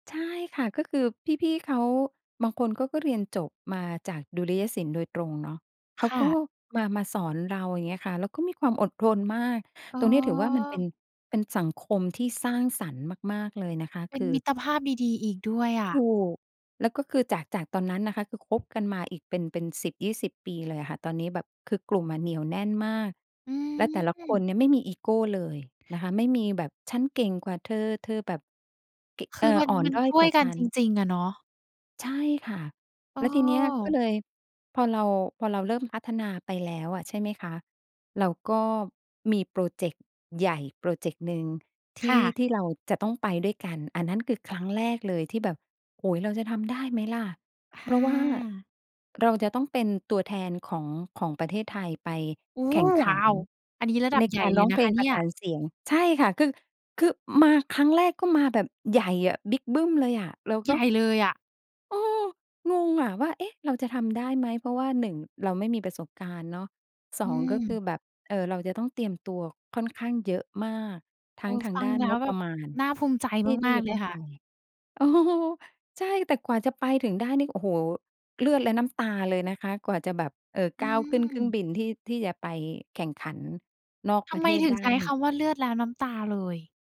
ใช่ค่ะ ก็คือพี่ ๆ เขา บางคนเขาก็เรียนจบมาจากดุริยศิลป์โดยตรงเนาะ เขาค่ก็ะ มา มาสอนเรา อย่างเงี้ยค่ะ แล้วก็มีความอดทนมาก อ๋ตรงนี้ถือว่ามันเป็อ น เป็นสังคมที่สร้างสรรค์มาก ๆ เลยนะคะ เปค็นือ มิตรภาพดี ๆ อีกด้วยอถูะ ก แล้วก็คือจาก จากตอนนั้นนะคะ คือคบ กันมาอีกเป็น เป็น 10-20 ปีเลยอะค่ะ ตอนนี้แบบคือกลุ่มอะเหนี่ยวแน่นมาก อืแล้วแต่ละคนม เนี่ยไม่มีอีโกเลยนะคะ ไม่มีแบบฉันเก่งกว่าเธอ เธอแบบเกะ คเอือ อมัน อ่อนมันด้อยช่กววย่ากัฉนัจน ริง ๆ อะเนาะ ใช่ค่ะ อ้แล้วทีเนี้ยก็อ เลย พอเรา พอเราเริ่มพัฒนาไปแล้วอะ ใช่ไหมคะ เราก็มีพรอเจกต์ใหญ่พรอเจกต์หนึ่ง ทคี่ ่ะ ที่เราจะต้องไปด้วยกัน อันนั้นคือครั้งแรกเลยที่แบบ โอ้โฮ เราจะทำได้ไหมล่ะ? คเพ่ราะว่าะ เราจะต้องเป็นตัวแทนของ ของประเทศไทย ไปโอ้แโขฮ ่งขว้ัานว อันนี้ระดัใบนใหญก่ารเลร้ยองนเพะคละงปเนรี่ะสย านเสียง ใช่ค่ะ คือ คือมาครั้งแรก ก็มาแบบใหญ่อะ บิกบึ้มเลยอะ เราใก็ หญ่เลยอะ เออ งงอะว่า เอ๊ะ เราจะทำได้ไหม? เพราะว่า 1 เราไม่มีประสบการณ์เนาะ สออืง ก็คือม แบบ เอ่อ เราจะต้องเตรียมตัวค่อนข้างเยอะมาก ทัเ้ออ งทาฟงัดง้านแล้งวบแปบระบมาณน่าภูมิใจที่ ทีม่าจก ะๆ เลต้ยองคไ่ป ะ เออ ใช่ แต่กว่าจะไปถึงได้นี่ โอ้โฮ เลือดและน้ำตาเลยนะคะ กว่าจะแบบ เอ่อ อกื้าวขึ้นเครื่องม บินที่ ที่จะไปแข่งขันนอกทปำระเไทมศถึไงด้ใช้นีค่ ำว่า เลือดแล้วน้ำตาเลย?